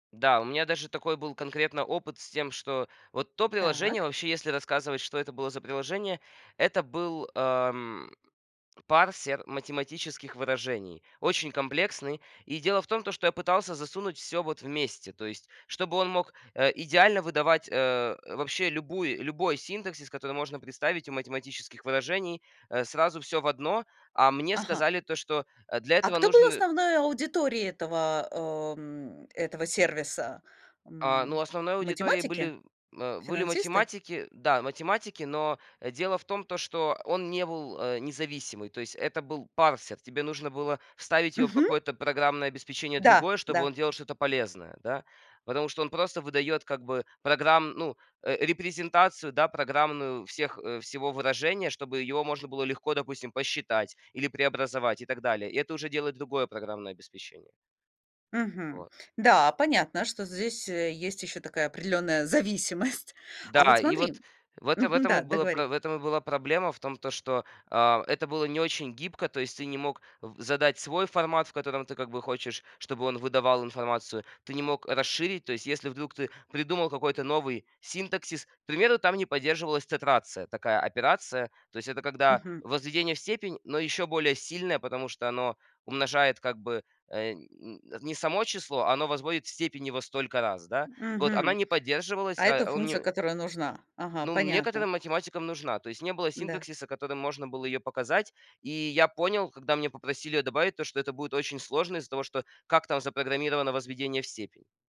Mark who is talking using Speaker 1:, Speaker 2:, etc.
Speaker 1: Да, у меня даже такой был конкретно опыт с тем, что вот то приложение,
Speaker 2: Так.
Speaker 1: вообще- если рассказывать, что это было за приложение- это был, ам, парсер математических выражений, очень комплексный. И дело в том, то что я пытался засунуть всё вот вместе, то есть, чтобы он мог, э, идеально выдавать, э, вообще любую любой синтаксис, который можно представить у математических выражений, э, сразу всё в одно. А мне
Speaker 2: Ага.
Speaker 1: сказали то, что, э, для
Speaker 2: А
Speaker 1: этого
Speaker 2: кто был
Speaker 1: нужны
Speaker 2: основной аудиторией этого, а, э, м, этого сервиса?
Speaker 1: А, ну,
Speaker 2: М
Speaker 1: основной аудиторией
Speaker 2: математики?
Speaker 1: были, м, э, были
Speaker 2: Финансисты?
Speaker 1: математики. Да, математики, но, э, дело в том, то что он не был, э, независимый. То есть это был парсер. Тебе нужно было вставить его в
Speaker 2: Мгм.
Speaker 1: какое-то программное обеспечение
Speaker 2: Да.
Speaker 1: другое, чтобы
Speaker 2: Да.
Speaker 1: он делал что-то полезное, да. Потому что он просто выдает как бы програм ну, э, репрезентацию, да, программную всех, э, всего выражения, чтобы его можно было легко, допустим, посчитать или преобразовать, и так далее. И это уже делает другое программное обеспечение.
Speaker 2: Мгм.
Speaker 1: Вот.
Speaker 2: Да, понятно, что здесь, э, есть еще такая определенная зависимость. А вот
Speaker 1: Да, и вот
Speaker 2: смотри
Speaker 1: в это в
Speaker 2: Мгм.
Speaker 1: этом и
Speaker 2: Да,
Speaker 1: была про
Speaker 2: договори.
Speaker 1: в этом и была проблема. В том, то что, а, это было не очень гибко. То есть ты не мог в задать свой формат, в котором ты как бы хочешь, чтобы он выдавал информацию, ты не мог расширить. То есть если, вдруг, ты придумал какой-то новый синтаксис к примеру, там не поддерживалась тетрация- такая операция. То есть это когда
Speaker 2: Мгм.
Speaker 1: возведение в степень, но еще более сильное, потому что оно умножает как бы, э, м, не само число, оно возводит в степень его столько раз, да. Вот она
Speaker 2: Мгм.
Speaker 1: не
Speaker 2: А
Speaker 1: поддерживалась,
Speaker 2: это
Speaker 1: а он
Speaker 2: функция,
Speaker 1: не
Speaker 2: которая нужна. Ага,
Speaker 1: Ну, н
Speaker 2: понятно.
Speaker 1: некоторым математикам нужна. То есть не было
Speaker 2: Да.
Speaker 1: синтаксиса, которым можно было ее показать. И я понял, когда мне попросили ее добавить, то, что это будет очень сложно из-за того, что как там запрограммировано возведение в степень.